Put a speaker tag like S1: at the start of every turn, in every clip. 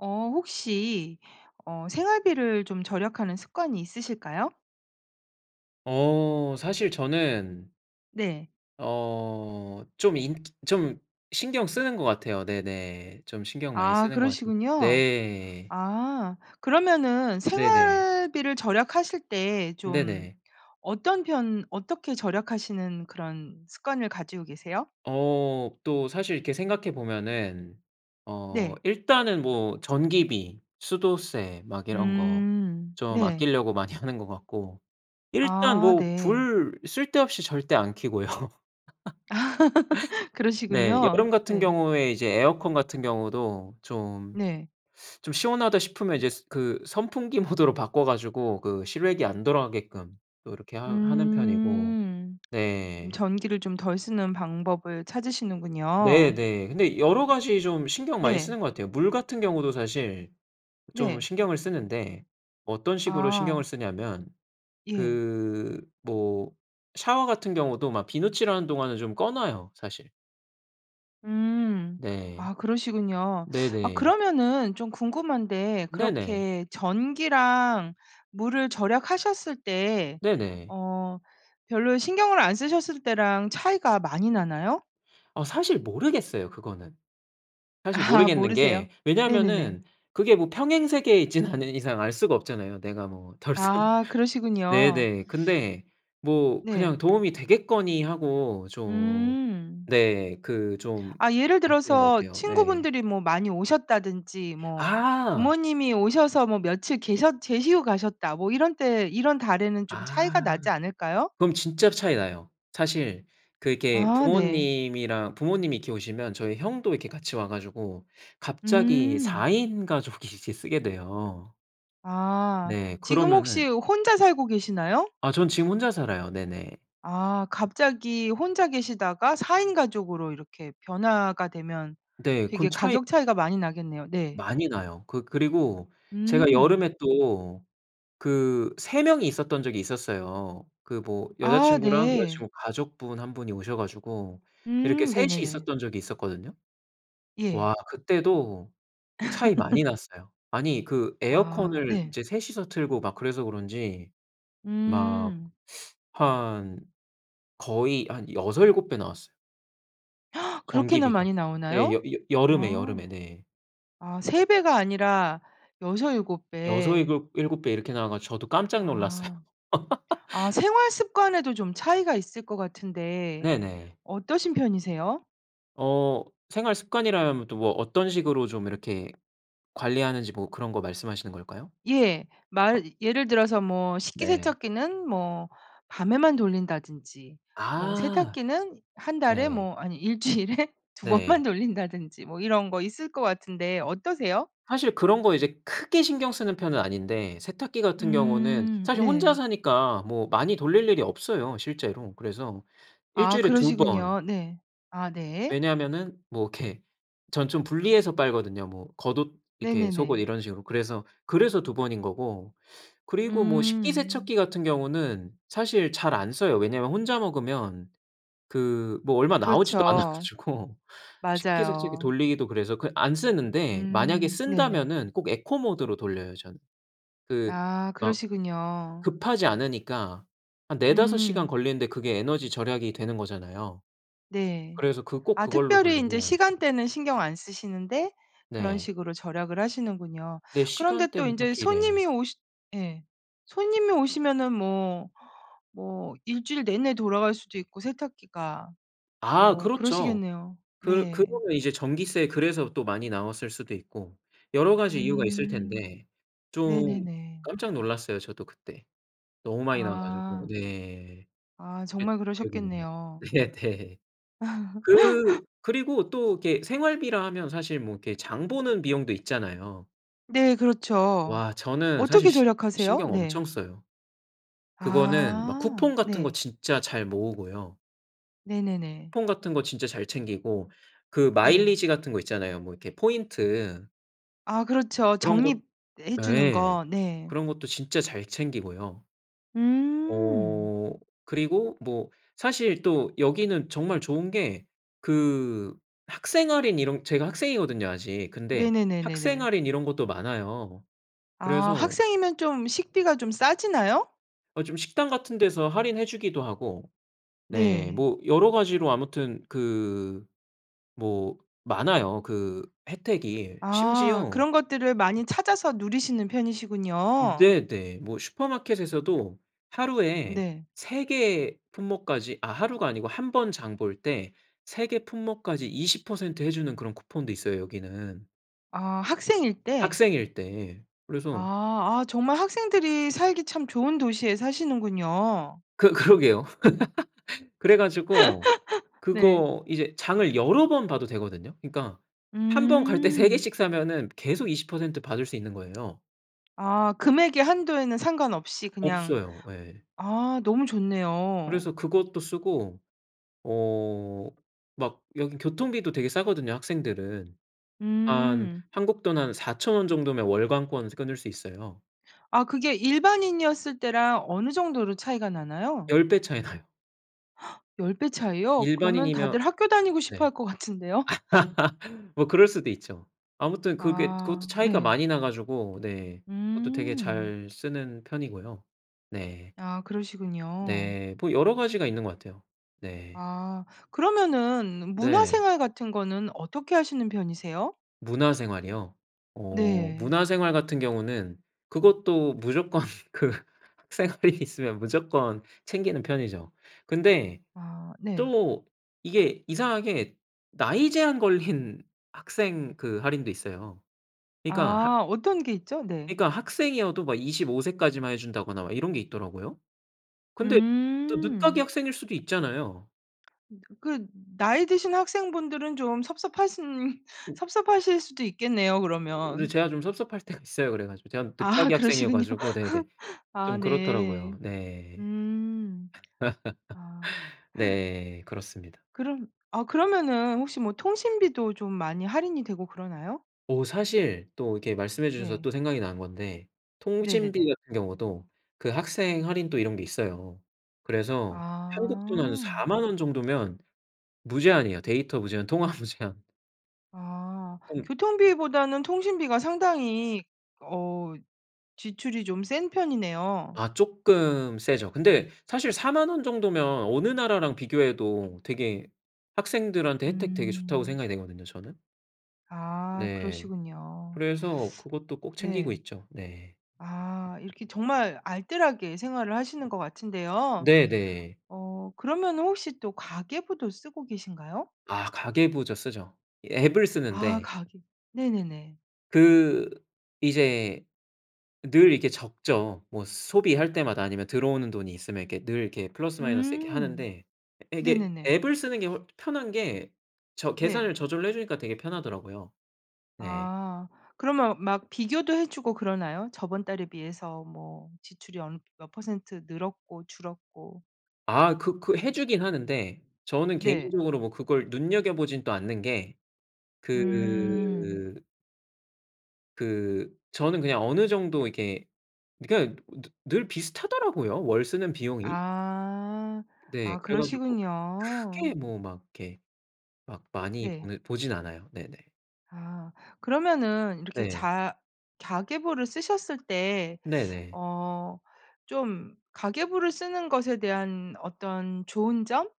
S1: 어 혹시 어 생활비를 좀 절약하는 습관이 있으실까요?
S2: 어 사실 저는
S1: 네.
S2: 어 좀 인 좀 신경 쓰는 것 같아요 네네. 좀 신경 많이
S1: 아
S2: 쓰는 것 같은
S1: 그러시군요.
S2: 네.
S1: 아. 그러면은
S2: 네네.
S1: 생활비를 절약하실 때 좀
S2: 네네.
S1: 어떤 편 어떻게 절약하시는 그런 습관을 가지고 계세요?
S2: 어 또 사실 이렇게 생각해 보면은 어
S1: 네.
S2: 일단은 뭐 전기비, 수도세 막 이런 거
S1: 음.
S2: 좀
S1: 네.
S2: 아낄려고 많이 하는 것 같고. 일단
S1: 아
S2: 뭐
S1: 네.
S2: 불 쓸데없이 절대 안 켜고요. 네.
S1: 그러시군요.
S2: 여름 같은
S1: 네.
S2: 경우에 이제 에어컨 같은 경우도 좀,
S1: 네.
S2: 좀 시원하다 싶으면 이제 그 선풍기 모드로 바꿔 가지고 그 실외기 안 돌아가게끔 또 이렇게 하 하는 편이고
S1: 음. 좀
S2: 네.
S1: 전기를 좀 덜 쓰는 방법을
S2: 네
S1: 찾으시는군요.
S2: 네. 근데 여러 가지 좀 신경 많이
S1: 네.
S2: 쓰는 것 같아요. 물 같은 경우도 사실 좀
S1: 네.
S2: 신경을 쓰는데 어떤 식으로 신경을
S1: 아.
S2: 쓰냐면
S1: 예.
S2: 그 뭐 샤워 같은 경우도 막 비누칠하는 동안은 좀 꺼 놔요, 사실.
S1: 음.
S2: 네.
S1: 아 그러시군요. 아
S2: 네네.
S1: 그러면은 좀 궁금한데
S2: 네네.
S1: 그렇게 전기랑 물을 절약하셨을 때
S2: 네네.
S1: 어 별로 신경을 안 쓰셨을 때랑 차이가 많이 나나요?
S2: 아 사실 모르겠어요 그거는. 사실
S1: 아
S2: 모르겠는
S1: 모르세요?
S2: 게
S1: 네네네.
S2: 왜냐하면은 그게 뭐 평행세계에 있지는 않은 이상 알 수가 없잖아요 내가 뭐 덜 썼
S1: 아 그러시군요.
S2: 네네. 근데 뭐 그냥
S1: 네.
S2: 도움이 되겠거니 하고 좀
S1: 음.
S2: 네. 그 좀
S1: 아 예를
S2: 아끼는 것
S1: 들어서
S2: 같아요 네.
S1: 친구분들이 뭐 많이 오셨다든지 뭐
S2: 아.
S1: 부모님이 오셔서 며칠 계셨 계시고 가셨다 뭐 이런 때 이런 달에는 좀 차이가
S2: 아.
S1: 나지 않을까요?
S2: 그럼 진짜로 차이 나요. 사실 그 이렇게
S1: 아 네.
S2: 부모님이랑 부모님이 이렇게 오시면 저희 형도 이렇게 같이 와 가지고 갑자기
S1: 음.
S2: 4 인 가족이 이제 쓰게 돼요.
S1: 아
S2: 네
S1: 지금 혹시
S2: 그러면은
S1: 혼자 살고 계시나요?
S2: 아 전 지금 혼자 살아요 네네.
S1: 아 갑자기 혼자 계시다가 4 인 가족으로 이렇게 변화가 되면
S2: 네 그럼
S1: 되게
S2: 차이
S1: 가격 차이가 많이 나겠네요, 네.
S2: 많이 나요. 그 그리고 제가
S1: 음.
S2: 여름에 또 그 3 명이 있었던 적이 있었어요. 그 뭐
S1: 아
S2: 여자친구랑
S1: 네.
S2: 여자친구 가족분 1 분이 오셔 가지고 이렇게
S1: 음
S2: 3 이
S1: 네네네.
S2: 있었던 적이 있었거든요.
S1: 예.
S2: 와 그때도 차이 많이 났어요. 아니 그
S1: 아
S2: 에어컨을
S1: 네.
S2: 이제 3 이서 틀고 막 그래서 그런지 막
S1: 음.
S2: 한 거의 한 6-7 배 나왔어요.
S1: 그렇게나
S2: 전기비가.
S1: 많이
S2: 예 여
S1: 나오나요?
S2: 여 여름에 여름에
S1: 아.
S2: 네.
S1: 아 3 배가 아니라 6-7
S2: 여서
S1: 배.
S2: 일곱 일곱 배 이렇게 나와 가지고 저도 깜짝 놀랐어요.
S1: 아. 아 생활 습관에도 좀 차이가 있을 것 같은데
S2: 네네.
S1: 어떠신 편이세요?
S2: 어 생활 습관이라면 또 어떤 식으로 좀 이렇게 관리하는지 뭐 그런 거 말씀하시는 걸까요?
S1: 예.
S2: 아.
S1: 말 예를 들어서 뭐
S2: 네.
S1: 식기세척기는 뭐 밤에만 돌린다든지 뭐
S2: 아.
S1: 세탁기는 1 달에
S2: 네.
S1: 뭐 아니 1 주일에 2 번만
S2: 네.
S1: 돌린다든지 뭐 이런 거 있을 것 같은데 어떠세요?
S2: 사실 그런 거 이제 크게 신경 쓰는 편은 아닌데 세탁기 같은 경우는
S1: 음.
S2: 사실 혼자
S1: 네.
S2: 사니까 뭐 많이 돌릴 일이 없어요 실제로. 그래서 1
S1: 아
S2: 주일에 2 번.
S1: 그러시군요. 네. 아 네.
S2: 왜냐하면은 뭐 이렇게 전 좀 분리해서 빨거든요. 뭐 겉옷 이렇게 속옷
S1: 네네네.
S2: 이런 식으로 그래서, 그래서 2 번인 거고. 그리고 뭐
S1: 음.
S2: 식기세척기 같은 경우는 사실 잘 안 써요. 왜냐하면 혼자 먹으면 그 뭐 얼마 나오지도 않아
S1: 그렇죠.
S2: 가지고 식기세척기
S1: 맞아요.
S2: 돌리기도 그래서 그 안 쓰는데 만약에
S1: 음 네네.
S2: 쓴다면은 꼭 에코 모드로 돌려요 저는. 그
S1: 아
S2: 막
S1: 그러시군요.
S2: 급하지 않으니까 한 4-5 시간
S1: 음.
S2: 걸리는데 그게 에너지 절약이 되는 거잖아요.
S1: 네.
S2: 그래서 그 꼭
S1: 아
S2: 그걸로
S1: 특별히 인제
S2: 돌리고.
S1: 시간대는 신경 안 쓰시는데 그런
S2: 네.
S1: 식으로 절약을 하시는군요.
S2: 네
S1: 그런데 또
S2: 시간대는
S1: 인제
S2: 딱히 네.
S1: 손님이 오시 예 손님이 오시면은 뭐 뭐 1 주일 내내 돌아갈 수도 있고 세탁기가.
S2: 아
S1: 뭐
S2: 그렇죠.
S1: 그러시겠네요.
S2: 그
S1: 네.
S2: 그러면 이제 전기세 그래서 또 많이 나왔을 수도 있고 여러 가지 이유가 있을
S1: 음
S2: 텐데 좀
S1: 네네네.
S2: 깜짝 놀랐어요 저도 그때. 너무 많이 나와 가지고
S1: 아.
S2: 네.
S1: 아
S2: 그랬던
S1: 정말
S2: 기억이 있네요.
S1: 그러셨겠네요.
S2: 네네. 그 그리고 또 이렇게 생활비라 하면 사실 뭐 이렇게 장 보는 비용도 있잖아요.
S1: 네 그렇죠.
S2: 와 저는 사실
S1: 어떻게
S2: 시
S1: 절약하세요?
S2: 신경 엄청
S1: 네.
S2: 써요. 그거는 막
S1: 아
S2: 쿠폰 같은 거
S1: 네.
S2: 진짜 잘 모으고요.
S1: 네네네.
S2: 쿠폰 같은 거 진짜 잘 챙기고 그
S1: 네.
S2: 마일리지 같은 거 있잖아요 뭐 이렇게 포인트.
S1: 아 그렇죠
S2: 그런 것
S1: 적립해
S2: 아
S1: 주는
S2: 예.
S1: 거 네.
S2: 그런 것도 진짜 잘 챙기고요.
S1: 음.
S2: 어 그리고 뭐 사실 또 여기는 정말 좋은 게 그 학생 할인 이런 제가 학생이거든요, 아직. 근데 학생
S1: 네네네네네.
S2: 할인 이런 것도 많아요.
S1: 아
S2: 그래서
S1: 학생이면 좀 식비가 좀 싸지나요?
S2: 어 좀 식당 같은 데서 할인해 주기도 하고. 네
S1: 네.
S2: 뭐 여러 가지로 아무튼 그 뭐 많아요, 그 혜택이.
S1: 아
S2: 심지어
S1: 그런 것들을 많이 찾아서 누리시는
S2: 음
S1: 편이시군요.
S2: 네 네. 뭐 슈퍼마켓에서도 하루에
S1: 네.
S2: 3 개 품목까지 아 하루가 아니고 1 번 장 볼 때 3 개 품목까지 20% 해 주는 그런 쿠폰도 있어요, 여기는.
S1: 아 학생일 때.
S2: 학생일 때. 그래서
S1: 아 아 정말 학생들이 살기 참 좋은 도시에 사시는군요.
S2: 그 그러게요. 그래 가지고
S1: 네.
S2: 그거 이제 장을 여러 번 봐도 되거든요. 그러니까 한 번 갈 때 3
S1: 음.
S2: 개씩 사면은 계속 20% 받을 수 있는 거예요.
S1: 아 금액의 한도에는 상관없이 그냥
S2: 없어요. 예.
S1: 아 너무 좋네요.
S2: 그래서 그것도 쓰고 어 막 여기 교통비도 되게 싸거든요, 학생들은. 한
S1: 음.
S2: 한국 돈 한 4,000 원 정도면 월간권 이제 끊을 수 있어요.
S1: 아 그게 일반인이었을 때랑 어느 정도로 차이가 나나요?
S2: 10 배 차이 나요.
S1: 10 배 차이요? 그러면 다들
S2: 일반인이면
S1: 학교 다니고 싶어 할
S2: 네.
S1: 것 같은데요.
S2: 뭐 그럴 수도 있죠. 아무튼 그게 그것도
S1: 아
S2: 차이가
S1: 네.
S2: 많이 나가지고 네, 그것도 되게
S1: 음.
S2: 잘 쓰는 편이고요. 네.
S1: 아 그러시군요.
S2: 네. 뭐 여러 가지가 있는 것 같아요. 네.
S1: 아 그러면은 문화
S2: 네.
S1: 생활 같은 거는 어떻게 하시는 편이세요?
S2: 문화생활이요? 어
S1: 네.
S2: 문화생활 같은 경우는 그것도 무조건 그 생활이 있으면 무조건 챙기는 편이죠. 근데
S1: 아 네.
S2: 또 이게 이상하게 나이 제한 걸린 학생 그 할인도 있어요. 그러니까
S1: 아 어떤 게 있죠? 네.
S2: 그러니까 학생이어도 막 25 세까지만 해 준다거나 막 이런 게 있더라고요. 근데 또 늦깎이
S1: 음.
S2: 학생일 수도 있잖아요.
S1: 으 그 나이 드신 학생분들은 좀 섭섭하신 섭섭하실 수도 있겠네요,
S2: 으
S1: 그러면.
S2: 제가 좀 섭섭할 때가 있어요, 그래 가지고. 제가 음
S1: 아
S2: 늦깎이
S1: 그러시군요
S2: 학생이어가지고 네네
S1: 아
S2: 좀
S1: 네.
S2: 그렇더라고요. 네.
S1: 음. 아.
S2: 네. 그렇습니다.
S1: 그럼 아 그러면은 혹시 뭐 통신비도 좀 많이 할인이 되고 그러나요?
S2: 어 사실 또 이렇게 말씀해 주셔서
S1: 네.
S2: 또 생각이 난 건데 통신비
S1: 네네네.
S2: 같은 경우도 그 학생 할인 또 이런 게 있어요. 그래서 한국 돈으로
S1: 아.
S2: 40,000 원 정도면 무제한이에요. 데이터 무제한 통화 무제한.
S1: 아
S2: 꽁
S1: 교통비보다는 통신비가 상당히 어 지출이 좀 센 편이네요.
S2: 아 쪼끔 세죠. 근데 사실 40,000 원 정도면 어느 나라랑 비교해도 되게 학생들한테 혜택 되게 좋다고
S1: 음.
S2: 생각이 되거든요, 저는.
S1: 아
S2: 네.
S1: 그러시군요.
S2: 그래서 그것도 꼭 챙기고
S1: 네.
S2: 있죠. 네.
S1: 아 이렇게 정말 알뜰하게 생활을 하시는 거 같은데요.
S2: 네네.
S1: 어 그러면은 혹시 또 가계부도 쓰고 계신가요?
S2: 아 가계부 저 쓰죠. 이 앱을
S1: 아
S2: 쓰는데
S1: 가계 네네네.
S2: 그 이제 늘 이렇게 적죠. 뭐 소비할 때마다 아니면 들어오는 돈이 있으면 이렇게 늘 이렇게 플러스 마이너스 이렇게
S1: 음
S2: 하는데. 에 이게
S1: 네네네.
S2: 앱을 쓰는 게 훨 편한 게 저
S1: 네.
S2: 계산을 저절로 해주니까 되게 편하더라고요. 네.
S1: 아 그러면 막 비교도 해 주고 그러나요? 저번 달에 비해서 뭐 지출이 엄 몇 퍼센트 늘었고 줄었고.
S2: 아 그 그 해주긴 하는데 저는
S1: 네.
S2: 개인적으로 뭐 그걸 눈여겨보지는 또 않는 게.
S1: 음.
S2: 그 그 저는 그냥 어느 정도 이렇게 그냥 느 늘 비슷하더라고요, 월 쓰는 비용이?
S1: 아
S2: 네
S1: 아
S2: 그래가지고
S1: 그러시군요.
S2: 크게 뭐 막 이렇게 막 많이
S1: 네.
S2: 보는 보진 않아요. 네네.
S1: 아 그러면은 이렇게
S2: 네.
S1: 자 가계부를 쓰셨을 때
S2: 네네.
S1: 어 좀 가계부를 쓰는 것에 대한 어떤 좋은 점?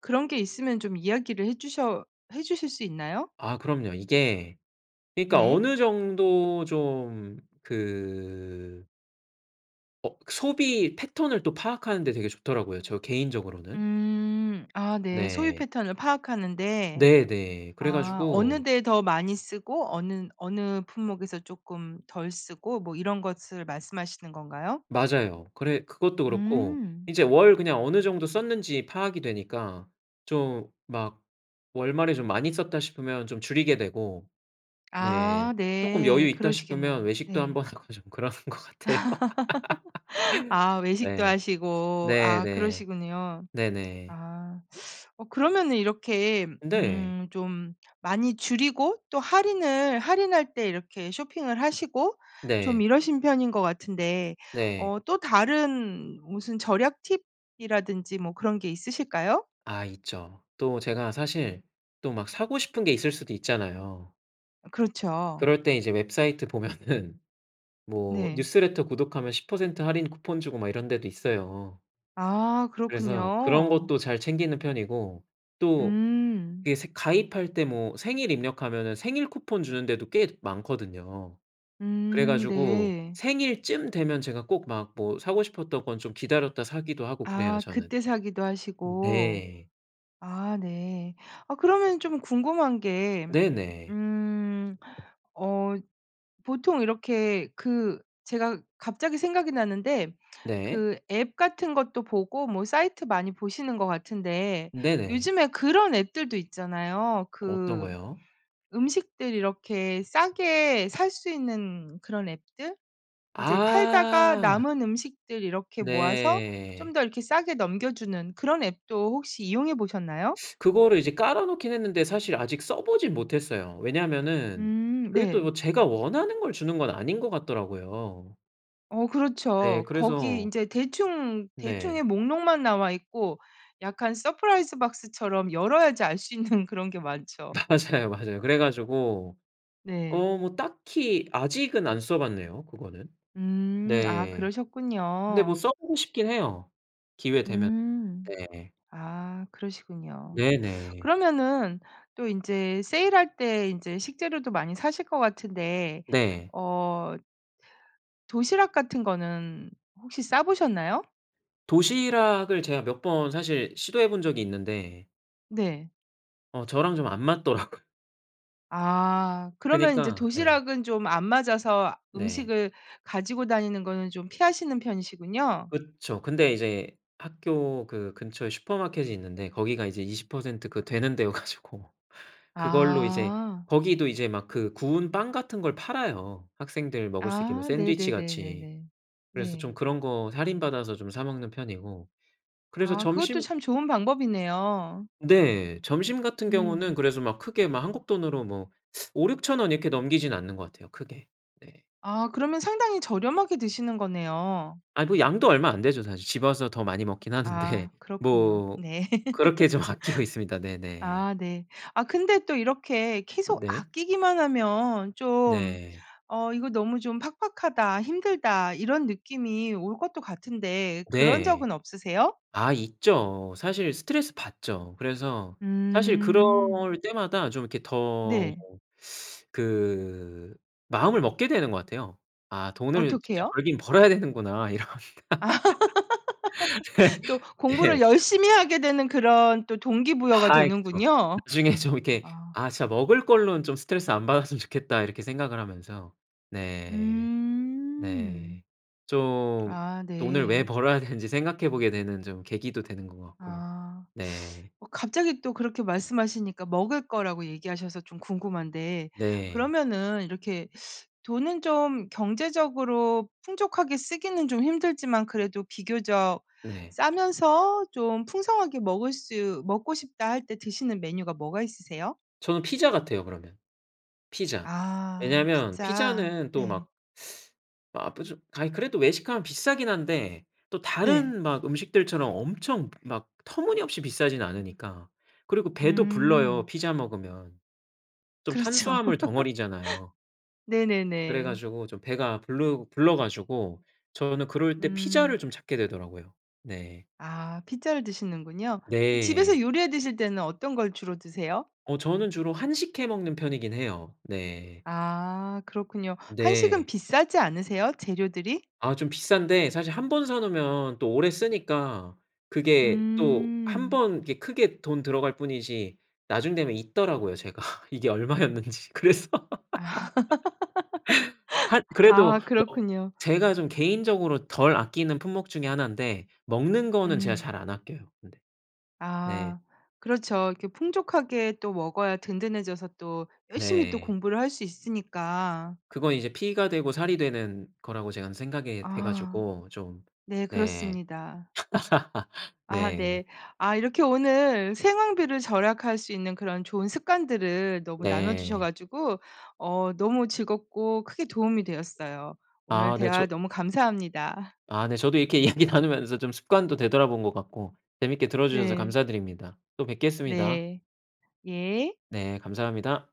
S1: 그런 게 있으면 좀 이야기를 해주셔 해주실 수 있나요?
S2: 아 그럼요. 이게 그러니까
S1: 네.
S2: 어느 정도 좀 그 어 소비 패턴을 또 파악하는 데 되게 좋더라고요, 저 개인적으로는.
S1: 음 아 네. 소비
S2: 네.
S1: 패턴을 파악하는 데.
S2: 네네.
S1: 아 어느
S2: 그래가지고
S1: 데에 더 많이 쓰고 어는 어느 품목에서 쪼금 덜 쓰고 뭐 이런 것을 말씀하시는 건가요?
S2: 맞아요. 그래 그것도 그렇고
S1: 음.
S2: 이제 월 그냥 어느 정도 썼는지 파악이 되니까 좀 막 월말에 '좀 많이 썼다.' 싶으면 좀 줄이게 되고.
S1: 아
S2: 네. 조금 여유
S1: 네
S2: 있다 싶으면
S1: 그러시겠네요.
S2: 외식도
S1: 네.
S2: 한번 하고 좀 그러는 것 같아요.
S1: 아 외식도
S2: 네.
S1: 하시고
S2: 네
S1: 아
S2: 네.
S1: 그러시군요.
S2: 네네.
S1: 아 어 그러면은 이렇게 음
S2: 네.
S1: 좀 많이 줄이고 또 할인을 할인할 때 이렇게 쇼핑을 하시고 좀
S2: 네.
S1: 이러신 편인 것 같은데
S2: 네.
S1: 어 또 다른 무슨 절약 팁이라든지 뭐 그런 게 있으실까요?
S2: 아 있죠. 또 제가 사실 또 막 사고 싶은 게 있을 수도 있잖아요.
S1: 그렇죠.
S2: 그럴 때 이제 웹사이트 보면은 뭐
S1: 네.
S2: 뉴스레터 구독하면 10% 할인 쿠폰 주고 막 이런 데도 있어요.
S1: 아
S2: 그래서 그런
S1: 그렇군요.
S2: 것도 잘 챙기는 편이고 또
S1: 음.
S2: 이게 새 가입할 때 뭐 생일 입력하면은 생일 쿠폰 주는 데도 꽤 많거든요. 그래
S1: 음
S2: 가지고
S1: 네.
S2: 생일 쯤 되면 제가 꼭 막 뭐 사고 싶었던 건 좀 기다렸다 사기도 하고 그래요
S1: 아
S2: 저는.
S1: 그때 사기도 하시고.
S2: 네.
S1: 아 네. 어 그러면 좀 궁금한 게
S2: 네네.
S1: 음 어 보통 이렇게 그 제가 갑자기 생각이 났는데
S2: 네.
S1: 그 앱 같은 것도 보고 뭐 사이트 많이 보시는 거 같은데
S2: 네네.
S1: 요즘에 그런 앱들도 있잖아요.
S2: 어떤
S1: 그
S2: 거요?
S1: 음식들 이렇게 싸게 살 수 있는 그런 앱들 인제 팔다가
S2: 아.
S1: 남은 음식들 이렇게 모아서 좀
S2: 네.
S1: 더 이렇게 싸게 넘겨주는 그런 앱도 혹시 이용해 보셨나요?
S2: 그거를 이제 깔아놓긴 했는데 사실 아직 써보진 못했어요. 왜냐하면은
S1: 음
S2: 그게 또
S1: 네.
S2: 뭐 제가 원하는 걸 주는 건 아닌 거 같더라고요.
S1: 어
S2: 네
S1: 그렇죠. 거기
S2: 그래서
S1: 인제 대충,
S2: 네.
S1: 대충의 목록만 나와 있고 약간 서프라이즈 박스처럼 열어야지 알 수 있는 그런 게 많죠.
S2: 맞아요, 맞아요. 그래 가지고
S1: 네.
S2: 어 뭐 딱히 아직은 안 써 봤네요, 그거는?
S1: 음 아
S2: 네 근데 뭐
S1: 그러셨군요.
S2: 써보고 싶긴 해요, 기회되면.
S1: 음
S2: 네.
S1: 아 그러시군요.
S2: 네네.
S1: 그러면은 또 인제 세일할 때 인제 식재료도 많이 사실 것 같은데
S2: 네.
S1: 어 도시락 같은 거는 혹시 싸 보셨나요?
S2: 도시락을 제가 몇 번 사실 시도해 본 적이 있는데
S1: 네.
S2: 어 저랑 좀 안 맞더라고요.
S1: 아 그러면 인제
S2: 그니까 네.
S1: 도시락은 좀 안 맞아서
S2: 네.
S1: 음식을 가지고 다니는 거는 좀 피하시는 편이시군요.
S2: 그쵸. 근데 이제 학교 그 근처에 슈퍼마켓이 있는데 거기가 이제 20% 그 되는 데여 가지고 그걸로 이제
S1: 아.
S2: 거기도 이제 막 그 구운 빵 같은 걸 팔아요, 학생들 먹을 수 있게
S1: 아
S2: 샌드위치 같이.
S1: 네네네네네
S2: 그래서 좀
S1: 네.
S2: 그런 거 할인 받아서 좀 사 먹는 편이고. 그래서
S1: 아 그것도
S2: 점심
S1: 참 좋은 방법이네요.
S2: 네 점심 같은 경우는
S1: 음.
S2: 그래서 막 크게 막 한국 돈으로 뭐 5,000-6,000 원 이렇게 넘기지는 않는 것 같아요, 크게. 네.
S1: 아 그러면 상당히 저렴하게 드시는 거네요.
S2: 아 뭐 양도 얼마 안 되죠, 사실. 집 와서 더 많이 먹긴
S1: 아
S2: 하는데.
S1: 그렇군요.
S2: 뭐
S1: 네.
S2: 그렇게 좀 아끼고 있습니다. 네네.
S1: 아 네. 아 근데 또 이렇게 계속
S2: 네.
S1: 아끼기만 하면 좀
S2: 네.
S1: '어 이거 너무 좀 팍팍하다. 힘들다.' 이런 느낌이 올 것도 같은데 그런
S2: 네.
S1: 적은 없으세요?
S2: 아 있죠. 사실 스트레스 받죠. 그래서 사실 그럴
S1: 음.
S2: 때마다 좀 이렇게 더
S1: 네.
S2: 그 마음을 먹게 되는 거 같아요. '아 돈을 진짜
S1: 어떻게요?
S2: 벌긴 벌어야 되는구나.' 이런.
S1: 또
S2: 네
S1: 공부를
S2: 네.
S1: 열심히 하게 되는 그런 또 동기부여가
S2: 아 그쵸.
S1: 되는군요.
S2: 나중에 좀 이렇게
S1: 아.
S2: '아 진짜 먹을 걸로는 좀 스트레스 안 받았으면 좋겠다.' 이렇게 생각을 하면서. 네.
S1: 음.
S2: 네. 좀
S1: 아
S2: 돈을 왜
S1: 네.
S2: 벌어야 되는지 생각해 보게 되는 좀 계기도 되는 거 같고.
S1: 아
S2: 네.
S1: 어 갑자기 또 그렇게 말씀하시니까 먹을 거라고 얘기하셔서 좀 궁금한데
S2: 네.
S1: 그러면은 이렇게 돈은 좀 경제적으로 풍족하게 쓰기는 좀 힘들지만 그래도 비교적
S2: 네.
S1: 싸면서 좀 풍성하게 먹을 수 먹고 싶다 할 때 드시는 메뉴가 뭐가 있으세요?
S2: 저는 피자 같아요, 그러면. 피자.
S1: 아
S2: 왜냐하면
S1: 피자
S2: 피자는 또
S1: 네.
S2: 막 아 뿌주 아이 그래도 외식하면 비싸긴 한데 또
S1: 네.
S2: 다른 막 음식들처럼 엄청 막 터무니없이 비싸진 않으니까. 그리고 배도 불러요,
S1: 음.
S2: 피자 먹으면. 좀
S1: 그렇죠.
S2: 탄수화물 덩어리잖아요.
S1: 네네네.
S2: 그래가지고 좀 배가 불르 불러 가지고 저는 그럴 때
S1: 음.
S2: 피자를 좀 찾게 되더라고요. 네.
S1: 아 피자를 드시는군요. 그 집에서
S2: 네.
S1: 요리해 드실 때는 어떤 걸 주로 드세요?
S2: 어 저는 주로 한식 해 먹는 편이긴 해요. 네.
S1: 아 그렇군요. 한식은
S2: 네.
S1: 비싸지 않으세요, 재료들이?
S2: 아 좀 비싼데 사실 1 번 사 놓으면 또 오래 쓰니까 그게 또 1
S1: 음.
S2: 번 이게 크게 돈 들어갈 뿐이지 나중 되면 잊더라고요 제가 이게 얼마였는지. 그래서
S1: 아
S2: 한 그래도
S1: 아
S2: 뭐
S1: 그렇군요.
S2: 제가 좀 개인적으로 덜 아끼는 품목 중에 하난데 먹는 거는 제가
S1: 음.
S2: 잘 안 아껴요, 근데. 네.
S1: 아 그렇죠. 이렇게 풍족하게 또 먹어야 든든해져서 또 열심히 또
S2: 네.
S1: 공부를 할 수 있으니까.
S2: 그건 이제 피가 되고 살이 되는 거라고 제가 한 생각하게
S1: 아.
S2: 돼가지고 좀.
S1: 네
S2: 네.
S1: 그렇습니다. 아 네.
S2: 네.
S1: 아 이렇게 오늘 생활비를 절약할 수 있는 그런 좋은 습관들을 너무 나눠 주셔
S2: 네.
S1: 가지고 어 너무 즐겁고 크게 도움이 되었어요. 오늘
S2: 아 네
S1: 대화
S2: 저
S1: 너무 감사합니다.
S2: 아 네 저도 이렇게 이야기 나누면서 좀 습관도 되돌아본 것 같고 재밌게 들어주셔서
S1: 네.
S2: 감사드립니다. 또 뵙겠습니다.
S1: 네. 예.
S2: 네 감사합니다.